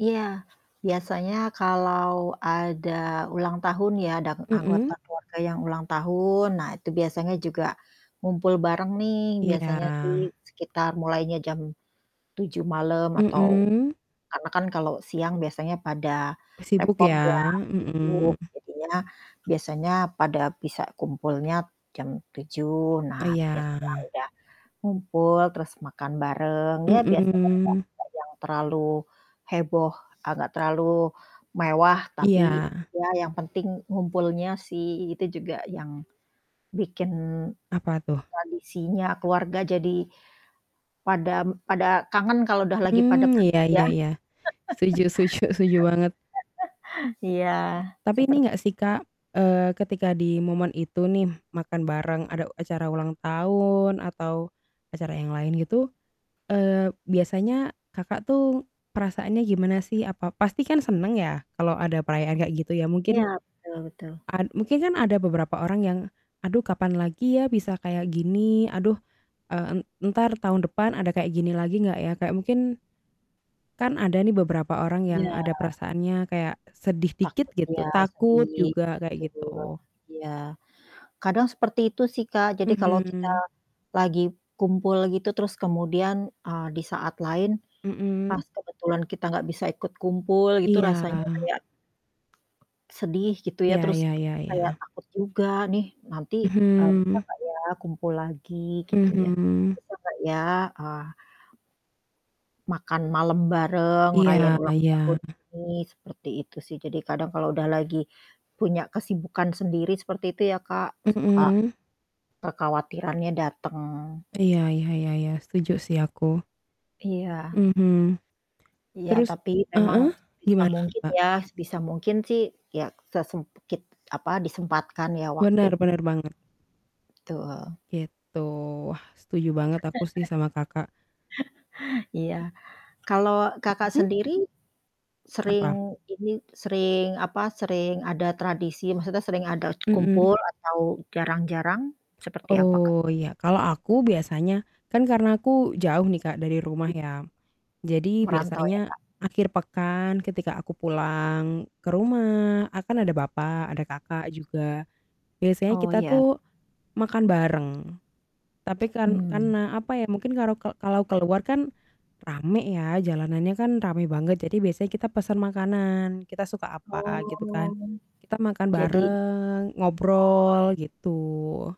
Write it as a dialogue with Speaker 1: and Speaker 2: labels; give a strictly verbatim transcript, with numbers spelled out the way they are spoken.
Speaker 1: Iya biasanya kalau ada ulang tahun ya dang
Speaker 2: Hmm.
Speaker 1: anggota keluarga yang ulang tahun, nah itu biasanya juga ngumpul bareng nih biasanya sih
Speaker 2: Iya.
Speaker 1: sekitar mulainya jam tujuh malem atau
Speaker 2: Hmm.
Speaker 1: karena kan kalau siang biasanya pada
Speaker 2: Oh sibuk
Speaker 1: repot ya,
Speaker 2: ya,
Speaker 1: sibuk,
Speaker 2: hmm.
Speaker 1: jadinya biasanya pada bisa kumpulnya jam tujuh nah
Speaker 2: Eh,
Speaker 1: biasanya
Speaker 2: ya.
Speaker 1: udah ngumpul terus makan bareng ya biasanya enggak
Speaker 2: Hmm.
Speaker 1: enggak yang terlalu heboh, a nggak terlalu mewah tapi
Speaker 2: Iya.
Speaker 1: ya yang penting ngumpulnya sih itu juga yang bikin
Speaker 2: Apa tuh?
Speaker 1: tradisinya keluarga jadi pada m pada kangen kalau udah lagi pada
Speaker 2: Mmm, iya
Speaker 1: pergi
Speaker 2: iya
Speaker 1: ya.
Speaker 2: iya. Setuju setuju setuju banget.
Speaker 1: Iya
Speaker 2: Tapi
Speaker 1: seper
Speaker 2: ini nggak sih Kak, eee, ketika di momen itu nih makan bareng ada acara ulang tahun atau acara yang lain gitu, eee, biasanya Kakak tuh perasaannya gimana sih? Apa pasti kan seneng ya kalau ada perayaan kayak gitu ya mungkin
Speaker 1: Iya, betul betul.
Speaker 2: a mungkin kan ada beberapa orang yang, "Aduh kapan lagi ya bisa kayak gini? Aduh, e en entar tahun depan ada kayak gini lagi nggak ya?" Kayak mungkin kan ada nih beberapa orang yang
Speaker 1: Iya.
Speaker 2: ada perasaannya kayak sedih dikit
Speaker 1: Takut
Speaker 2: gitu
Speaker 1: ya
Speaker 2: takut
Speaker 1: sedih.
Speaker 2: juga kayak
Speaker 1: Betul,
Speaker 2: gitu.
Speaker 1: iya kadang seperti itu sih Kak jadi kalau kita
Speaker 2: Mhm.
Speaker 1: lagi kumpul gitu terus kemudian, eee, di saat lain
Speaker 2: Hmm.
Speaker 1: pas kebetulan kita nggak bisa ikut kumpul gitu
Speaker 2: Iya.
Speaker 1: rasanya kayak sedih gitu ya
Speaker 2: Ya
Speaker 1: terus
Speaker 2: ya ya
Speaker 1: kayak
Speaker 2: ya.
Speaker 1: takut juga nih nanti, eee, bisa
Speaker 2: Mhm.
Speaker 1: nggak ya kumpul lagi gitu ya.
Speaker 2: Mhm.
Speaker 1: Bisa nggak ya, eee makan malam bareng, ngerayain
Speaker 2: Iya
Speaker 1: ulang
Speaker 2: iya.
Speaker 1: tahun ini seperti itu sih jadi kadang kalau udah lagi punya kesibukan sendiri seperti itu ya Kak suka
Speaker 2: Hmm.
Speaker 1: kekhawatirannya dateng.
Speaker 2: Iya, ya ya ya, setuju sih aku.
Speaker 1: Iya.
Speaker 2: Mmm.
Speaker 1: Iya
Speaker 2: Terus
Speaker 1: tapi memang
Speaker 2: heeh,
Speaker 1: sebisa
Speaker 2: gimana
Speaker 1: mungkin
Speaker 2: Mbak?
Speaker 1: ya, sebisa mungkin sih ya, sesemkit apa disempatkan ya waktu.
Speaker 2: Bener, bener banget.
Speaker 1: Betul.
Speaker 2: Gitu, wah, setuju banget aku sih sama Kakak.
Speaker 1: Iya. Kalau Kakak
Speaker 2: Mhm.
Speaker 1: sendiri sering
Speaker 2: Apa?
Speaker 1: ini sering apa sering ada tradisi maksudnya sering ada
Speaker 2: Hmm.
Speaker 1: kumpul atau jarang-jarang seperti apa Kak?
Speaker 2: Oh iya kalau aku biasanya kan karena aku jauh nih Kak dari rumah ya, jadi
Speaker 1: Merantau ya
Speaker 2: biasanya
Speaker 1: Kak?
Speaker 2: akhir pekan ketika aku pulang ke rumah a kan ada bapak, ada kakak juga, biasanya
Speaker 1: Oh
Speaker 2: kita
Speaker 1: ya.
Speaker 2: tuh makan bareng tapi kan
Speaker 1: Mmm.
Speaker 2: karena apa ya mungkin kalau ke kalau keluar kan rame ya, jalannya kan rame banget jadi biasanya kita pesen makanan kita suka apa gitu kan
Speaker 1: Oh,
Speaker 2: kita makan
Speaker 1: jadi
Speaker 2: bareng,
Speaker 1: Oh.
Speaker 2: ngobrol gitu.